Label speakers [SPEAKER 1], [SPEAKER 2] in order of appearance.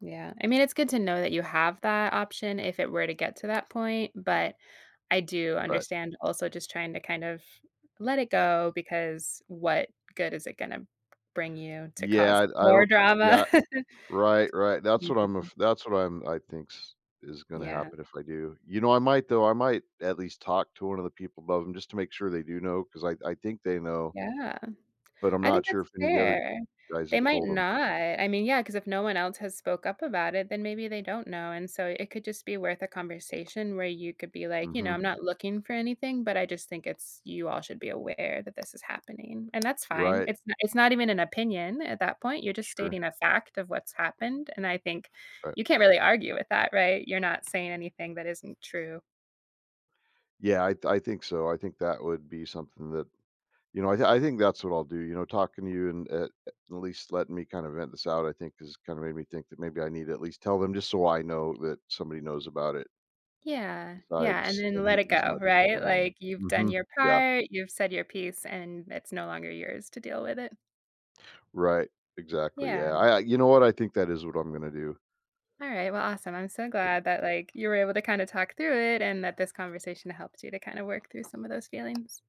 [SPEAKER 1] Yeah. I mean, it's good to know that you have that option if it were to get to that point, but I do
[SPEAKER 2] Right.
[SPEAKER 1] understand also just trying to kind of let it go because what good is it gonna bring you to cause
[SPEAKER 2] Yeah, I I
[SPEAKER 1] more
[SPEAKER 2] don't, yeah
[SPEAKER 1] drama?
[SPEAKER 2] right, right. That's what I'm
[SPEAKER 1] [unintelligible]
[SPEAKER 2] af that's what I'm I thinks is gonna
[SPEAKER 1] Yeah.
[SPEAKER 2] happen if I do. You know, I might though, I might at least talk to 1 of the people above them, just to make sure they do know, 'cause I I think they know
[SPEAKER 1] Yeah.
[SPEAKER 2] but I'm
[SPEAKER 1] I
[SPEAKER 2] not
[SPEAKER 1] think
[SPEAKER 2] sure
[SPEAKER 1] that's
[SPEAKER 2] if any of the other
[SPEAKER 1] fair.
[SPEAKER 2] guys
[SPEAKER 1] They
[SPEAKER 2] have
[SPEAKER 1] might
[SPEAKER 2] told 'em.
[SPEAKER 1] not. I mean, yeah, 'cause if no one else has spoke up about it, then maybe they don't know, and so, it could just be worth a conversation where you could be like, "You know,
[SPEAKER 2] Mhm.
[SPEAKER 1] I'm not looking for anything, but I just think it's you all should be aware that this is happening." And that's fine,
[SPEAKER 2] Right.
[SPEAKER 1] it's it's not even an opinion at that point, you're just
[SPEAKER 2] Sure.
[SPEAKER 1] stating a fact of what's happened, and I think
[SPEAKER 2] Right.
[SPEAKER 1] you can't really argue with that, right? You're not saying anything that isn't true.
[SPEAKER 2] Yeah. I th I think so. I think that would be something that, you know I I think that's what I'll do, you know. Talking to you, and at at least letting me kind of vent this out, I think, has kind of made me think that maybe I need to at least tell them, just so I know that somebody knows about it
[SPEAKER 1] Yeah. Yeah, and
[SPEAKER 2] besides
[SPEAKER 1] then
[SPEAKER 2] and
[SPEAKER 1] let
[SPEAKER 2] he
[SPEAKER 1] it
[SPEAKER 2] he's
[SPEAKER 1] go,
[SPEAKER 2] my.
[SPEAKER 1] right?
[SPEAKER 2] [unintelligible]
[SPEAKER 1] Like, you've done
[SPEAKER 2] Mhm,
[SPEAKER 1] your
[SPEAKER 2] yeah.
[SPEAKER 1] part, you've said your piece, and it's no longer yours to deal with it.
[SPEAKER 2] Right. Exactly,
[SPEAKER 1] Yeah.
[SPEAKER 2] yeah. I I you know what? I think that is what I'm gonna do.
[SPEAKER 1] Alright, well, awesome. I'm so
[SPEAKER 2] [unintelligible]
[SPEAKER 1] glad that, like, you were able to kind of talk through it, and that this conversation helped you to kinda work through some of those feelings.